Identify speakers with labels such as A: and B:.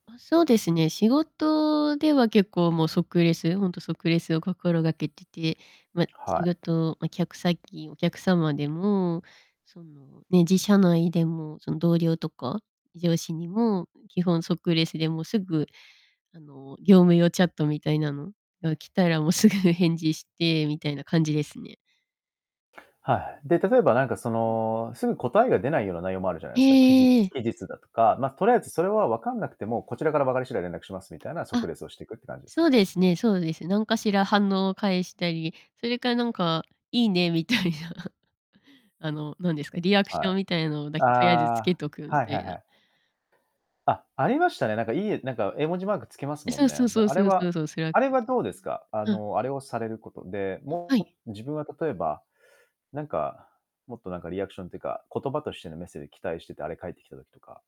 A: あ、そうですね、仕事では結構もう即レス、ほんと即レスを心がけてて、ま、
B: は
A: 仕
B: い。
A: 事、ま、客先、お客様でも、その、ね、自社内でも、その、同僚とか、上司にも基本即レスで、もう、すぐ、あの、業務用チャットみたいなのが来たら、もう、すぐ返事して、みたいな感じですね。
B: はい。で、例えばなんか、そ
A: うん。
B: の、すぐ答えが出ないような内容もあるじゃない
A: へ
B: すか、期日
A: え、ええ。
B: 期日だとか、ま、とりあえずそれは分かんなくても、こちらから分かり次第連絡しますみたいな即
A: あ。
B: レスをしてくって感じですか？
A: そうですね、そうです。なんかしら反応を返したり、それか、なんか、いいね、みたいな、あの、なんですか、リアクシ
B: は
A: ョン
B: い。
A: みたいのだ
B: あ
A: け、とりあえずつけ
B: あ、
A: とくみ
B: はい
A: た
B: はい
A: い
B: は
A: な。
B: い。あ、ありましたね、なんか、いいなんか絵文字マークつきます
A: え、
B: も
A: そ
B: ん
A: う
B: ね。
A: そう
B: で、
A: そう
B: あれ
A: そう
B: は
A: そうそう。それは
B: あれはどうですか？あ
A: うん。
B: の、あれをされることで、
A: あ、は
B: も
A: い。
B: う、自分は例えば、なんか、もっとなんかリアクションというか、言葉としてのメッセージ期待してて、あれ返ってきた時とか。